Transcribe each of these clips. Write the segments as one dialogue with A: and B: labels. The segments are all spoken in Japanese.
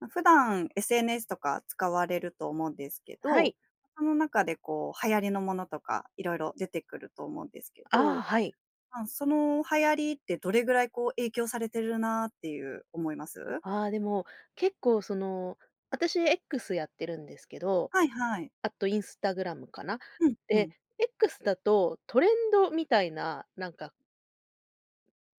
A: ま、普段、SNS とか使われると思うんですけ
B: は
A: ど、
B: い。
A: その中でこう、流行りのものとか、色々出てくると思うんですけ
B: ああ、
A: ど、
B: はい。
A: まあその流行りってどれぐらいこう影響されてるなっていう、思います？
B: ああでも、結構その、私 X やってるんですけど、
A: はいはい。
B: あと Instagram かな？
A: うん、ふ
B: で、
A: ん。
B: X だと、トレンドみたいな、なんか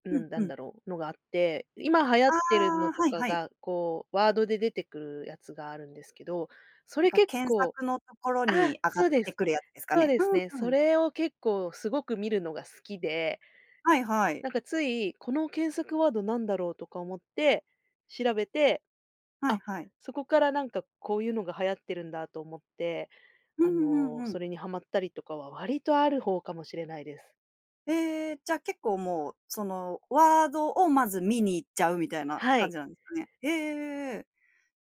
B: う
A: うん
B: ん、な
A: う
B: ん
A: ん。
B: だろうのがあって、今流行っ
A: あ
B: てるの
A: あ、
B: と
A: はい
B: か
A: はい。
B: が、こうワードで出てくるやつがあるんですけど、そ
A: なん
B: れ
A: か
B: 結
A: 検
B: 構
A: 索のところ
B: あ、
A: に上がっ
B: そうで
A: て
B: す。
A: くるやつですか
B: そう
A: ね。
B: で
A: う
B: すね。
A: んう
B: そ
A: ん。
B: れを結構すごく見るのが好きで。
A: はいはい。
B: なんかつい、この検索ワードなんだろうとか思って、調べて、
A: はい
B: あ、
A: はい。
B: そこからなんかこういうのが流行ってるんだと思って、
A: う
B: あ
A: んう
B: の、
A: んう
B: そ
A: ん。
B: れにはまったりとかは割とある方かもしれないです。
A: へえ。じゃ結構もう、そのワードを、まず見に行っちゃうみたいな
B: は
A: 感
B: い。
A: じなんですかね？へえ。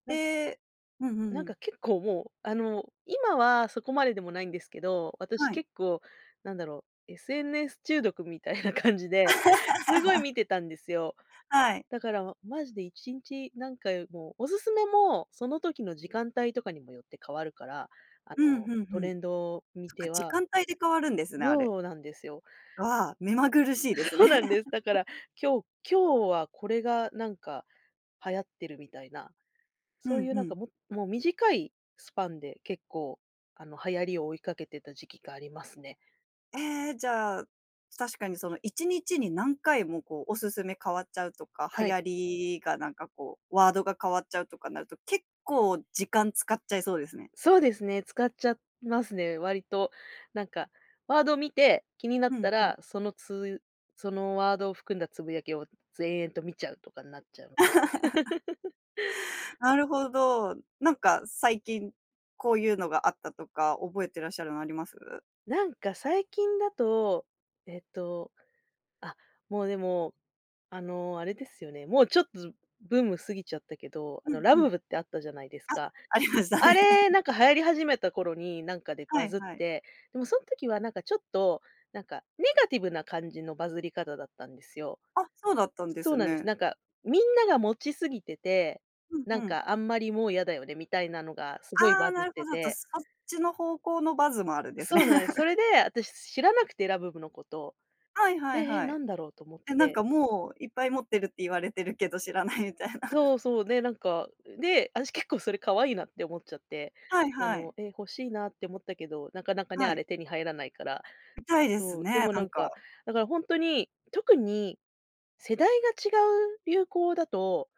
B: なん
A: え、うんうんう
B: なん
A: ん。
B: か結構もう、あの今はそこまででもないんですけど、私
A: はい。
B: 結構なんだろう、SNS 中毒みたいな感じで、すごい 見てたんですよ。
A: はい。
B: だからまマジで1日何回も、オススメも、その時の時間帯とかにもよって変わるから、あ
A: うん、
B: の、
A: ふんふ
B: ト
A: ん。
B: レンドを見
A: そっか、
B: て
A: 時
B: は
A: 間帯で変わるんですね、あれ。
B: そうなんですよ。
A: ああ、目まぐるしいです
B: そ
A: ね。
B: うなんです。だから今日今日はこれがなんか流行ってるみたいな、
A: ふ
B: そう
A: ん
B: いう
A: ふ
B: なんか
A: ん。
B: も、もう短いスパンで結構、あの流行りを追いかけてた時期がありますね。
A: ええじゃあ、確かにその1日に何回も、こうオススメ変わっちゃうとか、流
B: はい。
A: 行りがなんかこう、ワードが変わっちゃうとかなると、結構時間使っちゃいそうですね。
B: そうですね、使っちゃってますね、割と。なんか、ワードを見て、気になっ
A: うん
B: た
A: うん。
B: ら、そのつそのワードを含んだつぶやきを延々と見ちゃうとかになっちゃうので。
A: なるほど、なんか、最近こういうのがあったとか覚えてらっしゃるのあります？
B: なんか最近だと、えっと、あ、もうでも、あのあれですよね、もうちょっとブーム過ぎちゃったけど、
A: う
B: あの
A: ん、
B: ラ
A: うん。
B: ブブってあったじゃないですか。
A: あ、ありました
B: あ
A: ね。
B: れなんか流行り始めた頃になんかで
A: は
B: バ
A: い
B: ズっ
A: はい。
B: て、でもそん時はなんかちょっと、なんかネガティブな感じのバズり方だったんですよ。
A: あ、そうだったんで
B: そう
A: す
B: なんです。
A: ね。
B: なんか、みんなが持ちすぎてて、
A: うん
B: なん
A: うん。
B: かあんまりもう嫌だよねみたいなのがすごい
A: ああ、
B: バズ
A: なる
B: って
A: ほど。あと
B: て。
A: そっちの方向のバズもあるんですね。
B: そうなんです。そ れで、私知らなくてラブブのこと。
A: はい
B: で、
A: はい
B: え、
A: は
B: な
A: い。
B: んだろうと思っ
A: え、なん
B: て。
A: かもういっぱい持ってるって言われてるけど知らないみたいな。
B: そうそう。で、なんか、で、私結構それ可愛いなって思っちゃって、
A: はい
B: あ
A: はい。
B: の、え、欲しいなって思ったけど、なかなかね、
A: は
B: あ
A: い。
B: れ手に入らないから。
A: みたいです
B: そう、で
A: ね、
B: も
A: な
B: な
A: ん
B: んか、
A: か。
B: だからほんとに、特に世代が違う流行だと、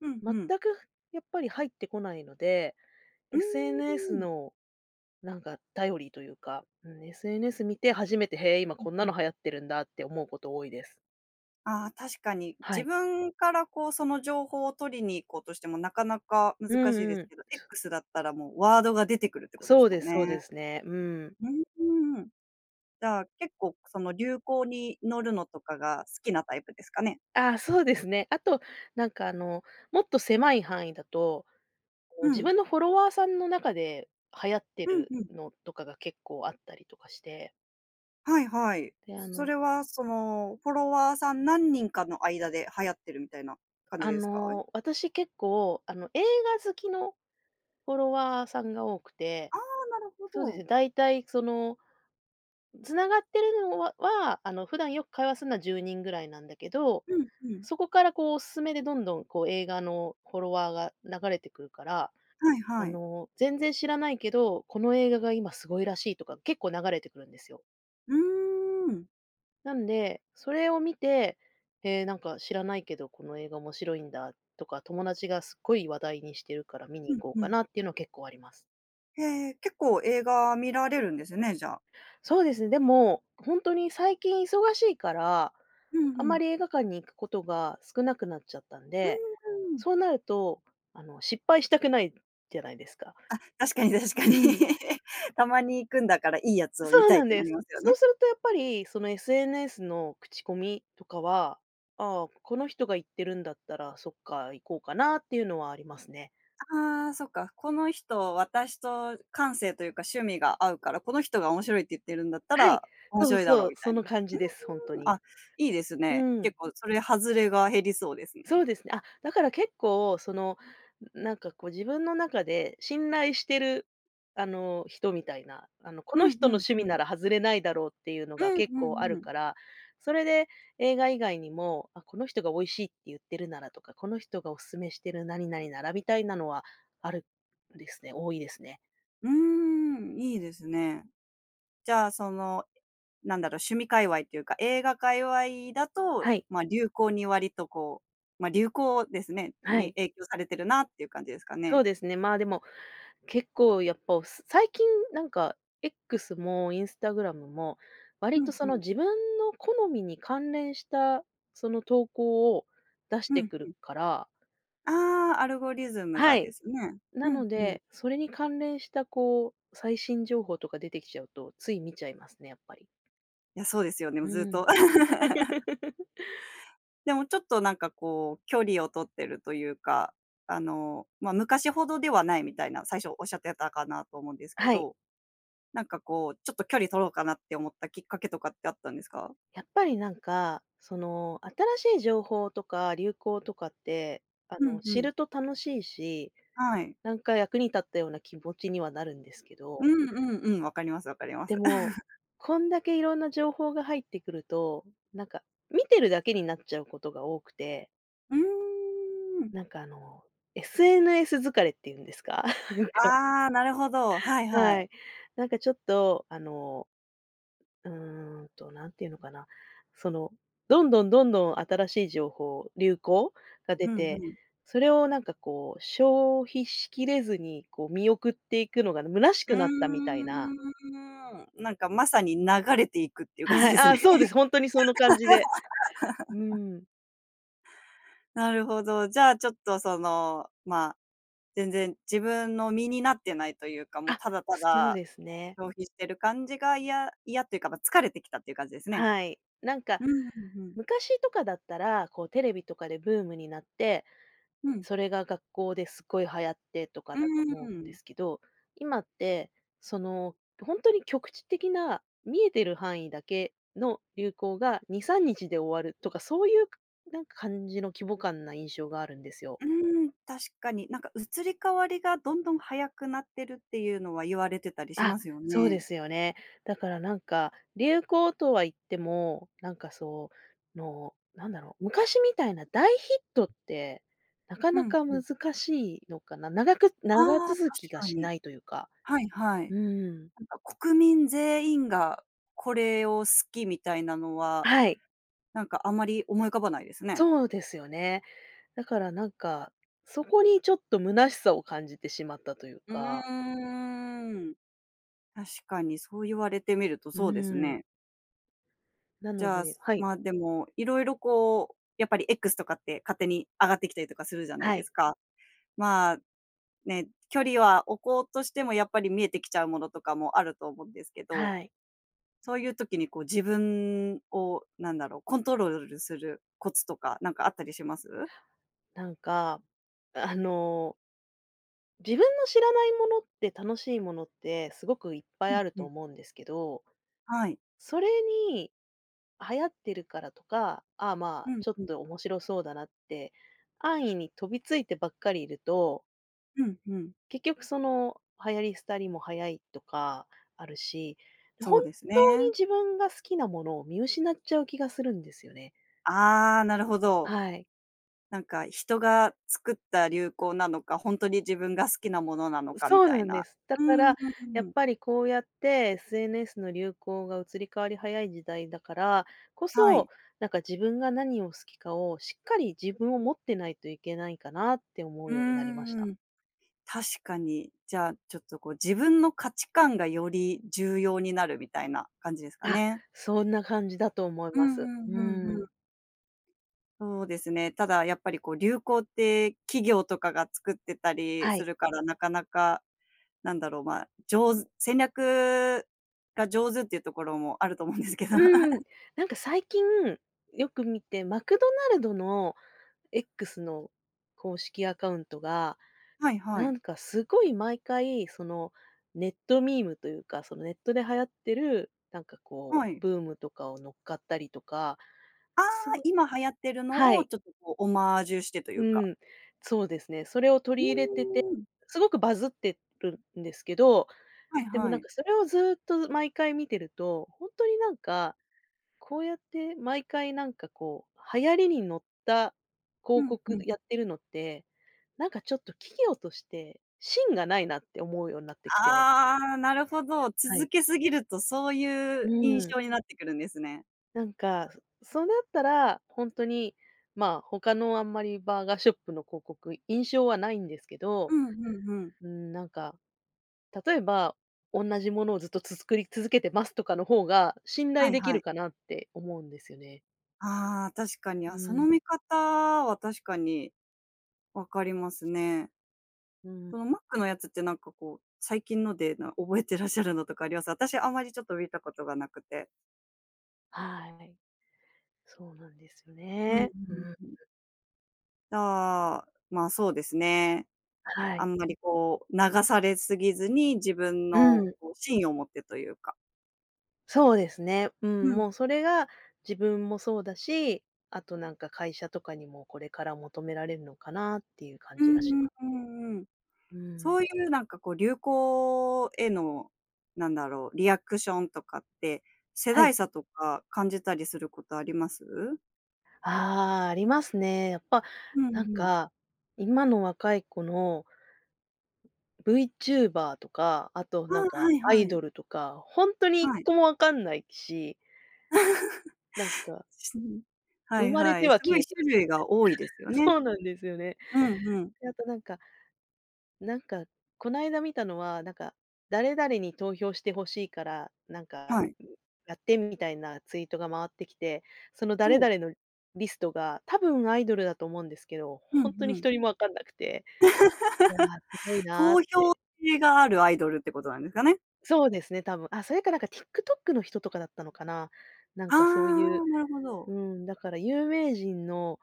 A: うん
B: 全
A: うん。
B: くやっぱり入ってこないので、
A: うー
B: SNS
A: ん。
B: のなんか、頼りというか、SNS 見て初めてへえ今
A: うん
B: こんな
A: うん。
B: の流行ってるんだって思うこと多いです。
A: ああ、確かに。
B: は
A: 自
B: い。
A: 分から、こう、その情報を取りに行こうとしてもなかなか
B: うん
A: 難しいです
B: うん。
A: けど、X だったらもうワードが出てくるってことで
B: そ
A: す
B: う
A: も
B: で
A: ん
B: すそう
A: ね。
B: ですね、うん。
A: うーん。じゃあ結構その流行に乗るのとかが好きなタイプですかね？
B: ああ、そうですね。あと、なんかあの、もっと狭い範囲だと、こう
A: う
B: 自
A: ん。
B: 分のフォロワーさんの中で流行って
A: うん
B: る
A: うん。
B: のとかが結構あったりとかして。
A: はいはい。
B: で、あ
A: そ
B: の
A: れはその、フォロワーさん何人かの間で流行ってるみたいな感じ
B: あ
A: ですか？
B: の、私結構、あの、映画好きのフォロワーさんが多くて、
A: ああ、なるほ
B: そうですね、
A: ど。
B: 大体その、繋がってるのはは、あの普段よく会話するのは10人ぐらいなんだけど、
A: うんうん。
B: そこからこうオススメでどんどんこう映画のフォロワーが流れてくるから、
A: はい
B: あ
A: はい。
B: の全然知らないけど、この映画が今すごいらしいとか結構流れてくるんですよ。
A: うーん。
B: なんで、それを見て、ええ、なんか知らないけどこの映画面白いんだとか、友達がすっごい話題にしてるから見に
A: う
B: 行
A: ん
B: こう
A: う
B: か
A: ん。
B: なっていうのは結構あります。
A: へえ、結構映画見られるんですね、じゃあ。
B: そうですね。でも、ほんとに最近忙しいから、
A: ふん
B: あ
A: ふ
B: んま
A: ん。
B: り映画館に行くことが少なくなっちゃったん
A: うー
B: で、
A: ん。
B: そうなるとあの、失敗したくないじゃないですか。
A: あ、確かに確かに。
B: うん。
A: たまに行くんだからいいやつを見
B: そう
A: たいっ
B: なん
A: てな
B: で
A: り
B: す。
A: ますよ
B: そう
A: ね。
B: するとやっぱりその、SNS の口コミとかは、ああ、この人が行ってるんだったら、そっか、行こうかなっていうのはありますね。
A: ああ、そっか。この人私と感性というか趣味が合うから、この人が「面白い」って言ってるんだった
B: はい。
A: ら面
B: そう
A: 白いだろ
B: そ
A: う、
B: う、
A: みた
B: そ
A: いな、
B: の感じです。ほんと
A: うーん、
B: に。
A: あ、いいです
B: う
A: ね。
B: ん。
A: 結構それ、外れが減りそうですね。
B: そうですねあ、だから結構その、ん、なんかこう自分の中で信頼してるあの、人みたいな、あの、こ
A: う
B: の
A: ん。
B: 人
A: ふ
B: の
A: ん
B: 趣
A: ふ
B: 味
A: ん。
B: なら外れないだろうっていうの
A: う
B: が
A: ん
B: 結
A: う
B: 構あ
A: んう
B: る
A: ん。
B: から、それで映画以外にも、あ、この人が「美味しい」って言ってるならとか、この人がオススメしてる何々ならみたいなのはあるんですね。多いですね。
A: うーん、いいですね。じゃあその、なんだろう、趣味界隈というか、映画界隈だと
B: はい。
A: まあ流行に割とこうまあ流行ですね
B: は
A: に
B: い。
A: 影響されてるなっていう感じですか
B: そ
A: ね？
B: うですね、まあでも、結構やっぱおす最近なんか X も Instagram も、
A: ふ
B: 割
A: ん
B: とそ
A: ふ
B: の、
A: ん。
B: 自分の好みに関連したその、投稿を出し
A: ふ
B: て
A: ん
B: く
A: ふ
B: る
A: ん。
B: から
A: ああ、アルゴリズムが
B: は
A: で
B: い。
A: すね。ふ
B: な
A: ん
B: の
A: ふん。
B: で、それに関連したこう、最新情報とか出てきちゃうと、つい見ちゃいますねやっぱり。
A: いや、そうですよね。も
B: う
A: うずっ
B: ん。
A: と。でもちょっとなんかこう、距離を取ってるというか、あの、まあ、昔ほどではないみたいな、最初仰ってたかなと思うんですけ
B: はい。
A: ど。なんかこう、ちょっと距離取ろうかなって思ったきっかけとかってあったんですか？
B: やっぱりなんか、その、新しい情報とか流行とかって、あ
A: ふ
B: の
A: んふ
B: 知
A: ん。
B: ると楽しいし、
A: はい。
B: なんか役に立ったような気持ちにはなるんですけど。
A: うんうんうん、分かります分かりま
B: で
A: す。
B: も、こんだけいろんな情報が入ってくると、なんか見てるだけになっちゃうことが多くて。
A: うん。
B: なんかあの、SNS 疲れって言うんですか？なんか。
A: ああ、なるほど、はいは
B: は
A: い。
B: い。なんかちょっと、あの、うんと、何ていうのかな、その、どんどん、どんどん新しい情報、流行が出
A: ふんふ
B: て、
A: ん。
B: それをなんかこう、消費しきれずに、こう見送っていくのが虚し
A: うー
B: くなったみたいな。
A: ん。なんかまさに流れていくっていう感じ
B: はい。
A: ですね。
B: あ、そうです、ほんとにその感じで。う ん。
A: なるほど、じゃあちょっとその、ま、全然自分の身になってないというか、もう
B: あ、
A: ただた
B: そう
A: だ
B: ですね。
A: 消費してる感じが嫌嫌っていうかま、疲れてきたっていう感じですね。
B: はい、なんか、
A: うんうん、ふん。
B: 昔とかだったら、こうテレビとかでブームになって
A: うん。
B: それが学校ですごい流行ってとか
A: うー
B: だと思うんで
A: ん。
B: すけど、今って、その、きょほんとに局地的な見えてる範囲だけの流行が2、3日で終わるとかそういう、なんか感じの規模感な印象があるんですよ。
A: うーん、確かに。なんか移り変わりがどんどん早くなってるっていうのは言われてたりし
B: あ、
A: ますよ
B: そう
A: ね。
B: ですよね。だからなんか流行とは言っても、なんかその、なんだろう、昔みたいな大ヒットってなか
A: う
B: な
A: ん、
B: か
A: ふん。
B: 難しいのかな？長く
A: あ
B: 長
A: あ、確
B: 続きが
A: か
B: し
A: に。
B: ないというか、
A: はいはい。
B: うん。
A: なんか国民全員がこれを好きみたいなのは、
B: はい。
A: なんかあんまり思い浮かばないですね。
B: そうですよね、だからなんか、そこにちょっと虚しさを感じてしまったという
A: う
B: か
A: ーん。確かに、そう言われてみると
B: う
A: そうです
B: ーん。
A: ね。
B: な
A: じ
B: の
A: ゃあ、
B: ではい。
A: まあ、でも、色々こう、やっぱり X とかって勝手に上がってきたりとかするじゃない
B: は
A: で
B: い。
A: すか？まあ、ね、距離は置こうとしてもやっぱり見えてきちゃうものとかもあると思うんですけど、
B: はい。
A: そういう時にこう、自分を何だろう？コントロールするコツとかなんかあったりします？
B: なんか、あの自分の知らないものって、楽しいものってすごくいっぱ
A: う
B: い
A: ん、
B: ある
A: ふ
B: と
A: ん。
B: 思うんですけど
A: はい。
B: それに、流行ってるからとか、ああ、ま
A: う
B: あ、
A: ん、
B: ちょっ
A: ふん。
B: と面白そうだなって安易に飛びついてばっかりいると
A: うん、ふん。
B: 結局その、流行り廃りも早いとかあるし、
A: そ
B: 本
A: うです
B: 当に
A: ね。
B: 自分が好きなものを見失っちゃう気がするんですよね。
A: ああ、なるほど。
B: はい。
A: なんか、人が作った流行なのか、ほんとに自分が好きなものなの
B: う、
A: か？み
B: そう
A: たい
B: なん
A: な。
B: です。だ
A: うー
B: か
A: ん。うん
B: ら、
A: うん
B: や
A: う
B: っ
A: ん。
B: ぱりこうやって SNS の流行が移り変わり早い時代だからこ
A: はい。
B: そ、なんか自分が何を好きかをしっかり自分を持ってないといけないかなって思う
A: う
B: ようになりました。
A: ーん、確かに。じゃあちょっとこう自分の価値観がより重要になるみたいな感じですか
B: あ。
A: ね。
B: そんな感じだと思い
A: う
B: ま
A: ん
B: す。
A: うん、
B: う
A: ふんふん。
B: ん。
A: そうですね、ただやっぱりこう流行って企業とかが作ってたり
B: は
A: す
B: い。
A: るからなかなかなんだろう、まあ、上手戦略が上手っていうところもあると思うんですけど。
B: うーん。なんか最近よく見てマクドナルドの X の公式アカウントが、
A: はいは
B: な
A: い。
B: んかすごい毎回その、ネットミームというか、その、ネットで流行ってる、なんかこ
A: は
B: う
A: い。
B: ブームとかを乗っかったりとか、
A: ああ。
B: すご
A: 今流行ってる
B: は
A: のを
B: い。
A: ちょっとこうオマージュしてとい
B: う
A: うか
B: ん、そうですね、それを
A: う
B: 取り入れてて
A: ーん。
B: すごくバズってるんですけど、
A: はい
B: でも
A: は
B: なん
A: い。
B: かそれをずっと毎回見てると、ほんとになんか、こうやって毎回なんかこう流行りに乗った
A: う
B: 広
A: ん、ふ
B: 告
A: ん。
B: やってるのって、なんかちょっと企業として芯がないなって思うようになってきて。
A: ああ。なるほど。
B: はい。
A: 続けすぎるとそうい
B: う
A: う印
B: ーん。
A: 象になってくるんですね。
B: なんかそうなったら、ほんとに、まあ他のあんまりバーガーショップの広告印象はないんですけど、
A: うん、ふんふん。
B: うん、なんか例えば、おんなじものをずっとつつ作り続けてますとかの方が信頼
A: はい
B: でき
A: は
B: る
A: い。
B: かなって思うんですよね。
A: ああ、確かに。
B: う
A: あ、その
B: ん。
A: 見方は確かに分かりますね。
B: うん。
A: その、マックのやつってなんかこう、最近ので、な、覚えてらっしゃるのとかあります？私あんまり、ちょっと見たことがなくて。
B: はい。そうなんです
A: うんう
B: ね、う
A: ん
B: ん。
A: うん。ああ、まあ、そうですね。
B: は
A: あ
B: い。
A: んまり、こう、流されすぎずに自分
B: う
A: の
B: ん。
A: こう、芯を持ってというか。
B: そうですね、う
A: う
B: ん、
A: ん。
B: もうそれが自分もそうだし、あとなんか、会社とかにも、これから求められるのかなっていう感
A: う
B: じ
A: ん
B: がし
A: うん
B: ます
A: う
B: ね。
A: んうん。
B: う
A: そ
B: ん。
A: ういう、なんか、こう、流行への、なんだろう、リアクションとかって、世
B: は
A: 代
B: い。
A: 差とか感じたりすることあります？
B: ああ、ありますね。やっぱ
A: うんう
B: なん
A: ん。
B: か、今の若い子のブイチューバ―とか、あと、
A: ああ、
B: なんか
A: はい
B: ア
A: は
B: イ
A: い。
B: ドルとか、ほんとにいっ
A: はい。
B: こも分かんないし。なん か
A: す、うん、は
B: 生
A: い
B: まれ
A: は
B: て
A: い、す
B: は
A: ご
B: 消
A: い
B: えてみ
A: 種類が多いです
B: たいな、
A: よね。
B: そうなんですよね。
A: うんうん。
B: で、あとなんか、なんか、こないだ見たのは、なんか、誰々に投票して欲しいから、なんか
A: はい。
B: やって、みたいなツイートが回ってきて、その
A: ほ
B: 誰
A: う。
B: 々のリストが、多分アイドルだと思うんですけど、
A: う
B: ほ
A: ん
B: んとに
A: う
B: ひ
A: ん。
B: とりも分かんなくていや、すごい なっ
A: 投票
B: て。
A: 制があるアイドルってことなんですかね。
B: そうですね、多分、あ、それかなんかティックトックの人とかだったのかな、なん
A: あ
B: かそういう
A: あ、なるほど。
B: うん、だから有名人の、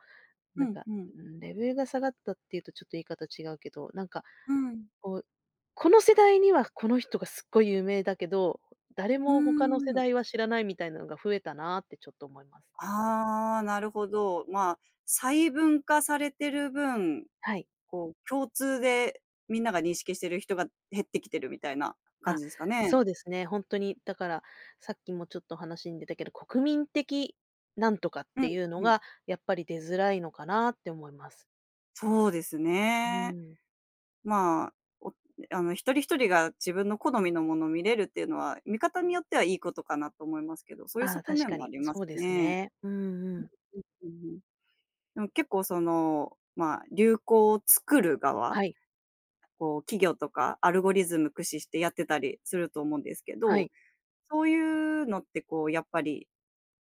A: う
B: なん
A: ん
B: か、
A: うん。
B: ん、レベルが下がったっていうと、ちょっと言い方違うけど、なんか、
A: うん。
B: こう、この世代には、この人がすっごい有名だけど、誰
A: うー
B: も他の世
A: ん。
B: 代は知らない、みたいなのが増えたなってちょっと思います。
A: ああ、なるほど。ま、細分化されてる分、
B: はい。
A: こう、共通でみんなが認識してる人が減ってきてるみたいな感
B: あ、
A: じですか
B: そ
A: ね。
B: うですね、ほんとに、だから、さっきもちょっと話に出たけど、国民的なんとかっ
A: う
B: て
A: ん
B: いうの
A: うん。
B: が、やっぱり出づらいのかなって思います。
A: そうです
B: う
A: ね。
B: ん。
A: まあ、おあの一人一人が自分の好みのもの見れるっていうのは、見方によってはいいことかなと思いますけど、そういう
B: ああ、
A: 側
B: 確
A: 面
B: か
A: もあ
B: に、
A: りま
B: そ
A: す
B: うです
A: ね。
B: ね。うんうん。
A: うんうんうんうん。うん結構その、まあ、流行を作る側、
B: はい。
A: こう企業とか、アルゴリズム駆使してやってたりすると思うんですけ
B: は
A: ど、
B: い。
A: そういうのって、こう、やっぱり、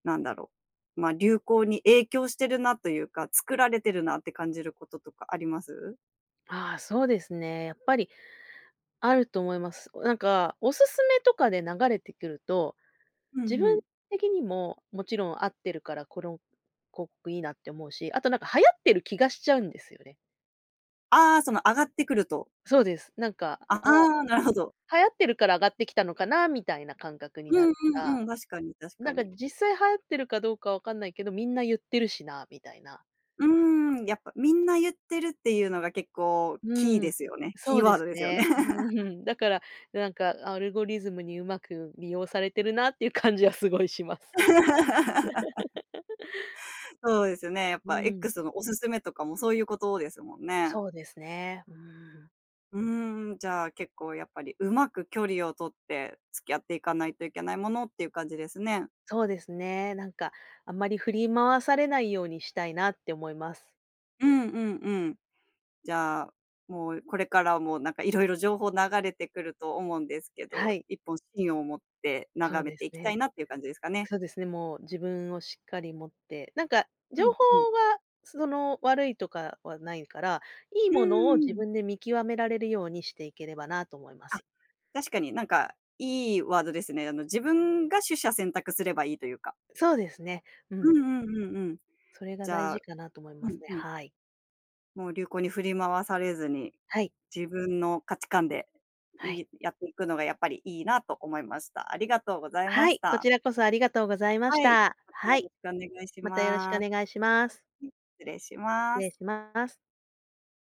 A: なんだろう、ま、流行に影響してるなというか、作られてるなって感じることとかあります？
B: ああ、そうですね、やっぱりあると思います。なんか、オススメとかで流れてくると、
A: ふん
B: 自
A: ふ
B: 分
A: ん。
B: 的にももちろん合ってるから、「この広告いいな」って思うし、あとなんか、流行ってる気がしちゃうんですよね。
A: ああ、その上がってくると
B: そうです。なんか、
A: あ、あ
B: 「あ、
A: あ、なるほど。
B: 流行ってるから上がってきたのかな」みたいな感覚に
A: う
B: な
A: ん
B: るか
A: うんうん。確かに確
B: ら、
A: か
B: なんか、
A: に。
B: 「実際流行ってるかどうか分かんないけど、みんな言ってるしな」みたいな。
A: うーん、やっぱみんな言ってるっていうのが結構キー
B: う
A: で
B: ん。
A: すよね。キ
B: そ
A: ー
B: う
A: ワ
B: で
A: ード
B: す
A: ですよね。
B: ね。うん、だから、なんかアルゴリズムに上手く利用されてるなっていう感じはすごいします。
A: そうですよね、やっ
B: う
A: ぱ
B: ん。
A: X のオススメとかもそういうことですもんね。
B: そうですね、うん。
A: うーん、じゃあ結構やっぱり、うまく距離を取って付き合っていかないといけないものっていう感じですね。
B: そうですね、なんか、あんまり振り回されないようにしたいなって思います。
A: うんうんうん。じゃあ、もうこれからもなんか色々情報流れてくると思うんですけ
B: は
A: ど、
B: い。
A: 一本芯を持って
B: そ
A: 眺
B: う
A: め
B: で
A: て
B: す
A: いきたい
B: ね。
A: なっていう感じですかね。
B: そうですね、もう自分をしっかり持ってなんか、
A: ふ
B: 情
A: ん、
B: 報
A: ふん。
B: はその、悪いとかはないから、いい
A: う
B: ものを
A: ん
B: 自
A: うん。
B: 分で見極められるようにしていければなと思いま
A: あ、
B: す。
A: 確かになんか、いいワードですね。あの、自分が取捨選択すればいいというか
B: そうですね。う
A: うん
B: ん。
A: うんうんうん。
B: それが
A: じ
B: 大
A: ゃあ
B: 事かなと思い
A: ふ
B: ます
A: ん
B: ね、
A: ふん。
B: はい。
A: もう流行に振り回されずに、
B: はい。
A: 自分の価値観で
B: は
A: い
B: い。
A: いやっていくのがやっぱりいいなと思いました。ありがとうございま
B: は
A: し
B: い、こ
A: た。
B: ちらこそありがとうございまし
A: はい、
B: た。
A: またよ
B: は
A: ろ
B: い、
A: しくお願いし
B: またよろしくお
A: ます。
B: 願いします。
A: うん、失礼し
B: 失
A: ます。
B: 礼します。